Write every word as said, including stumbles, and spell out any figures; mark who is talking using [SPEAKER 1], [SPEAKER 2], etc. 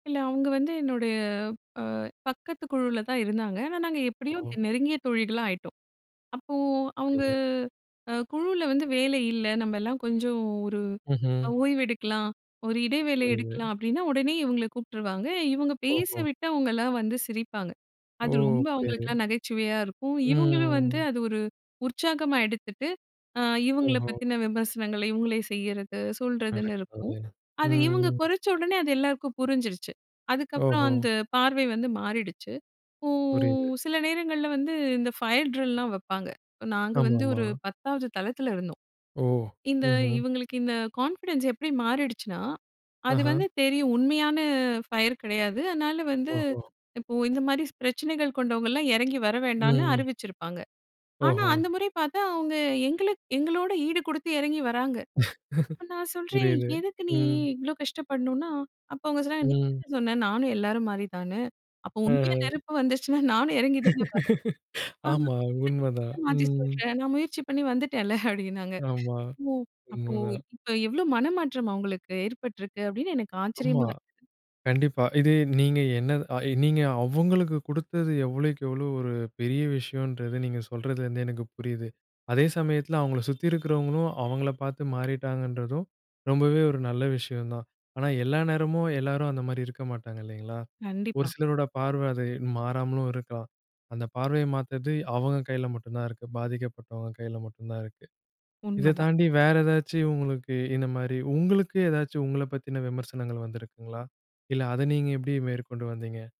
[SPEAKER 1] இல்ல. அவுங்க வந்து என்னுடைய, அ பக்கத்து குழுல தான் இருந்தாங்க. ஆனா, நாங்க எப்டியோ
[SPEAKER 2] ம்.
[SPEAKER 1] த் நெருங்கிய தோழிகளா ஆயிட்டோம். அப்போ அவுங்க
[SPEAKER 2] புரியுது.
[SPEAKER 1] அ குழுவுல வந்து வேலை இல்ல நம்பெல்லாம் கொஞ்சம் ஒரு அ
[SPEAKER 2] ம்ஹ்ம்.
[SPEAKER 1] ஓய்வு எடுக்கலாம். ஒரு இடைவேளை எடுக்கலாம்
[SPEAKER 2] புரியுது.
[SPEAKER 1] அப்டின்னா, உடனே இவுங்கள கூப்ட்டுருவாங்க. இவங்க பேச
[SPEAKER 2] ஓஹோ!
[SPEAKER 1] விட்டு, அவுங்கலாம் வந்து சிரிப்பாங்க.
[SPEAKER 2] ஓ!
[SPEAKER 1] அது ரொம்ப
[SPEAKER 2] புரியுது.
[SPEAKER 1] அவங்களுக்கெல்லாம் நகைச்சுவையா இருக்கும். இவுங்களும் வந்து
[SPEAKER 2] ம்,
[SPEAKER 1] அது ஒரு உற்சாகமா எடுத்துட்டு, அ இவுங்கள
[SPEAKER 2] ஓஹோ!
[SPEAKER 1] பத்தின விமர்சனங்கள, இவுங்களே செய்யிறது,
[SPEAKER 2] அட
[SPEAKER 1] சொல்றதுன்னு இருக்கும்.
[SPEAKER 2] கடவுளே!
[SPEAKER 1] அது இவுங்க
[SPEAKER 2] ம்,
[SPEAKER 1] கொறைச்சடோனே அது எல்லாருக்கும் புரிஞ்சுருச்சு. அதுக்கப்புறம்
[SPEAKER 2] ஓஹோ!
[SPEAKER 1] அந்த பார்வை வந்து மாறிடுச்சு. இப்போ
[SPEAKER 2] புரியுது.
[SPEAKER 1] சில நேரங்கள்ல வந்து, இந்த ஃபயர் ட்ரில்லாம் வெப்பாங்க. நாங்க வந்து
[SPEAKER 2] ஆமாமா.
[SPEAKER 1] ஒரு பத்தாவது தளத்தில இருந்தோம்.
[SPEAKER 2] ஓ!
[SPEAKER 1] இந்த
[SPEAKER 2] ம்ஹ்ம்.
[SPEAKER 1] இவுங்களுக்கு இந்த கான்ஃபிடன்ஸ் எப்டி மாறிடுச்சுனா, அது
[SPEAKER 2] அஹா.
[SPEAKER 1] வந்து தெரியும். உண்மையான ஃபயர் கெடையாது. அதனால வந்து
[SPEAKER 2] ஓஹோ!
[SPEAKER 1] இப்போ இந்த மாரி பிரச்சனைகள் கொண்டவங்கள்லாம் எறங்கி வர
[SPEAKER 2] ம்
[SPEAKER 1] வேண்டான்னு
[SPEAKER 2] ம்.
[SPEAKER 1] அறிவிச்சிருப்பாங்க. ஆனா,
[SPEAKER 2] ஓஹோ!
[SPEAKER 1] அந்த முறை பாத்தா அவுங்க எங்களுக் எங்களோட ஈடு குடுத்து எறங்கி வராங்க. அப்ப நான் சொல்றேன்.
[SPEAKER 2] புரியது.
[SPEAKER 1] எதுக்கு நீ
[SPEAKER 2] ம்.
[SPEAKER 1] இவ்வளோ கஷ்டப்படணுன்னா? அப்போ அவுங்க சொன்னாங்க, "நீ
[SPEAKER 2] ம்.
[SPEAKER 1] தான சொன்ன நானும் எல்லாரும் மாரி தான்னு! அப்போ உண்மையா
[SPEAKER 2] அஹம்.
[SPEAKER 1] நெருப்பு வந்துச்சுனா, நானும் இறங்கி தானே வரணும்! அ
[SPEAKER 2] ஆமா,
[SPEAKER 1] அத இப்ப நீ
[SPEAKER 2] உண்மதான்.
[SPEAKER 1] ஏன் மாத்தி
[SPEAKER 2] ம்.
[SPEAKER 1] சொல்ற? நான் முயற்சி பண்ணி வந்துட்டேன்ல!" அப்டின்னாங்க.
[SPEAKER 2] ஆமா,
[SPEAKER 1] "ஓ! அப்போ
[SPEAKER 2] உண்மதான்.
[SPEAKER 1] இப்ப எவ்வளோ மனமாற்றம் அவுங்களுக்கு ஏற்பட்டிருக்கு!" அப்டின்னு எனக்கு
[SPEAKER 2] ஆமா,
[SPEAKER 1] ஆச்சரியமா இருந்தது.
[SPEAKER 2] கண்டிப்பா. இது நீங்க என்ன தா அ நீங்க அவங்களுக்கு குடுத்தது, எவ்வளய்க்கு எவ்வளோ ஒரு பெரிய விஷயோன்றது நீங்க சொல்றதுலருந்து எனக்கு புரியுது. அதே சமயத்தில அவங்கள சுத்தி இருக்கிறவங்களும், அவங்கள பாத்து மாறிட்டாங்கன்றதும், ரொம்பவே ஒரு நல்ல விஷயம் தான். ஆனா, எல்லா நேரமும், எல்லாரும் அந்த மாரி இருக்க மாட்டாங்க இல்லைங்களா? ஒரு
[SPEAKER 1] கண்டிப்பா.
[SPEAKER 2] சிலரோட பார்வ அது மாறாமலும் இருக்கலாம். அந்த பார்வைய மாத்தறது, அவங்க கையில மட்டும்தான் இருக்கு. பாதிக்கப்பட்டவங்க கையில மட்டும் தான் இருக்கு. இத
[SPEAKER 1] உண்மதான்.
[SPEAKER 2] தாண்டி வேற ஏதாச்சும் உங்களுக்கு இந்த மாரி உங்களுக்கு ஏதாச்சும் உங்கள பத்தின விமர்சனங்கள் வந்திருக்குங்களா? இல்ல அத நீங்க எப்டி மேற்கொண்டு வந்தீங்க?